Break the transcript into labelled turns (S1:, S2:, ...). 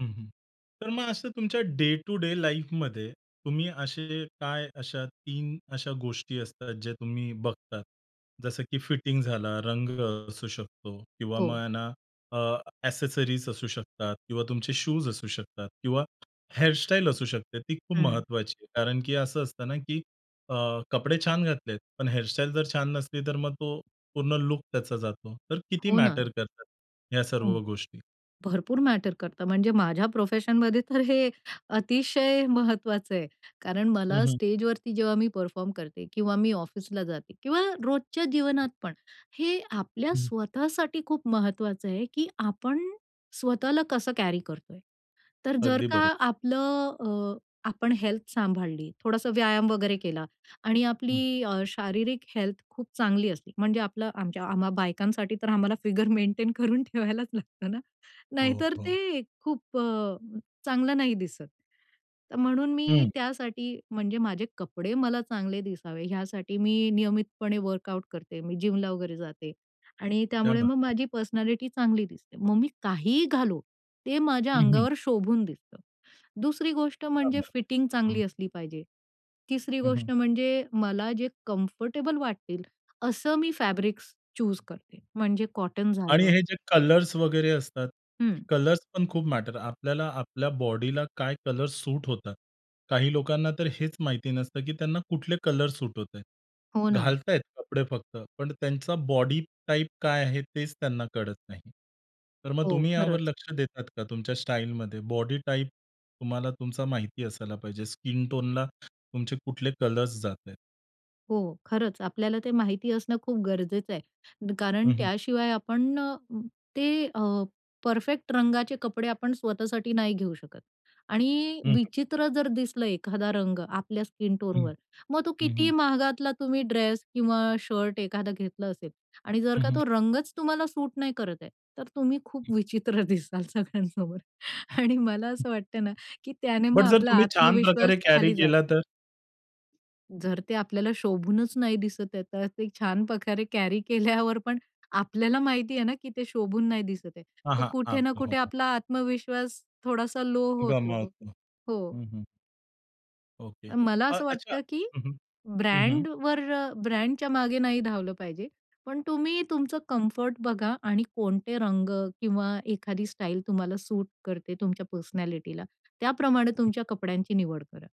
S1: हं, हं, तर मग असं तुमच्या डे टू डे लाईफमध्ये तुम्ही असे काय अशा 3 अशा गोष्टी असतात जे तुम्ही बघतात. जसं की फिटिंग झाला, रंग असू शकतो किंवा
S2: हो.
S1: मग ना अ, एक्सेसरीज असू शकतात किंवा तुमचे शूज असू शकतात किंवा हेअर स्टाईल असू शकते ती खूप
S2: हं.
S1: महत्त्वाची आहे कारण की असं असतं ना, की अ, कपडे छान घातलेत, पण हेअर स्टाईल जर छान नसली, तर मग तो पूर्ण लूक त्याचा जातो. तर किती
S2: हो ना.
S1: मॅटर करतात ह्या
S2: हं,
S1: सर्व गोष्टी?
S2: भरपूर मॅटर करतं म्हणजे माझ्या प्रोफेशनमध्ये तर हे अतिशय महत्त्वाचं आहे कारण
S1: हं,
S2: मला
S1: हं.
S2: स्टेजवरती जेव्हा मी परफॉर्म करते किंवा मी ऑफिसला जाते किंवा रोजच्या जीवनात पण हे आपल्या
S1: हं.
S2: स्वतःसाठी खूप महत्त्वाचं आहे, की आपण स्वतःला कसं कॅरी करतोय. तर जर
S1: अगदी
S2: का
S1: बरोबर.
S2: आपलं अ, आपण हेल्थ सांभाळली, थोडासा व्यायाम वगैरे केला आणि
S1: हं.
S2: आपली अ, शारीरिक हेल्थ खूप चांगली असली, म्हणजे आपलं आमच्या आम्हा बायकांसाठी तर आम्हाला फिगर मेंटेन करून ठेवायलाच लागतं ना.
S1: हो,
S2: नाहीतर
S1: हो.
S2: ते खूप अ, चांगलं नाही दिसत. तर म्हणून मी
S1: हं.
S2: त्यासाठी म्हणजे माझे कपडे मला चांगले दिसावे यासाठी मी नियमितपणे वर्कआउट करते. मी जिमला वगैरे जाते आणि
S1: क्या
S2: त्यामुळे
S1: बात
S2: मग
S1: है.
S2: माझी पर्सनॅलिटी चांगली दिसते. मग मी काहीही घालो ते माझ्या
S1: हं, हं.
S2: अंगावर शोभून दिसतं. दुसरी गोष्ट
S1: क्या
S2: म्हणजे
S1: बात
S2: फिटिंग
S1: है.
S2: चांगली
S1: हं.
S2: असली पाहिजे. तिसरी
S1: हं,
S2: गोष्ट
S1: हं.
S2: म्हणजे मला जे कम्फर्टेबल वाटतील असं मी फॅब्रिक्स चुज करते म्हणजे कॉटन
S1: आणि
S2: झालं.
S1: हे जे कलर्स वगैरे असतात,
S2: हं.
S1: कलर्स पण खूप मॅटर आपल्याला आपल्या बॉडीला काय कलर्स सूट होतात. काही लोकांना तर हेच माहिती नसतं, की त्यांना कुठले कलर सूट होतायत.
S2: हो ना.
S1: घालतायत कपडे फक्त पण त्यांचा बॉडी टाइप काय आहे, तेच त्यांना कळत नाही. तर मग
S2: हो,
S1: तुम्ही यावर
S2: खरंच.
S1: लक्ष देतात का? तुमच्या स्टाईलमध्ये बॉडी टाइप तुम्हाला तुमचा माहिती असायला पाहिजे. स्किन टोनला तुमचे कुठले कलर्स जाता आहेत?
S2: हो, खरंच. आपल्याला ते माहिती असणं खूप गरजेचं आहे कारण
S1: हं, हं.
S2: त्याशिवाय आपण अ, ते अ, परफेक्ट रंगाचे कपडे आपण स्वतःसाठी नाही घेऊ शकत आणि
S1: हं, हं.
S2: विचित्र जर दिसलं एखादा रंग आपल्या स्किन
S1: हं,
S2: टोनवर मग तो
S1: हं,
S2: कितीही
S1: हं.
S2: महागातला तुम्ही ड्रेस किंवा शर्ट एखादा घेतला असेल आणि जर
S1: हं,
S2: का
S1: हं.
S2: तो रंगच तुम्हाला सूट नाही करत आहे, तर तुम्ही खूप
S1: हं.
S2: विचित्र दिसाल सगळ्यांसमोर. आणि मला असं वाटत ना, की त्याने मग
S1: बट जर
S2: आपला
S1: तुम्ही छान
S2: आत्मविश्वास
S1: प्रकारे कॅरी
S2: खाली
S1: केला
S2: जातो.
S1: तर?
S2: जर ते आपल्याला शोभूनच नाही दिसत आहे, तर ते छान प्रकारे कॅरी केल्यावर पण आपल्याला माहितीये ना, की ते शोभून नाही दिसतय,
S1: हां,
S2: तर
S1: हां,
S2: कुठे
S1: हां.
S2: ना कुठे
S1: हो.
S2: आपला आत्मविश्वास थोडासा लो होतो.
S1: गमावतो.
S2: हो.
S1: हं, हं. ओके,
S2: मला
S1: अ
S2: असं
S1: अच्छा
S2: वाटतं, की
S1: हं, हं, हं, हं.
S2: ब्रँड वर अ, ब्रँडच्या मागे नाही धावलं पाहिजे. पण तुम्ही तुमचं कम्फर्ट बघा आणि कोणते रंग किंवा एखादी स्टाईल तुम्हाला सूट करते तुमच्या पर्सनॅलिटीला त्याप्रमाणे तुमच्या कपड्यांची निवड करा.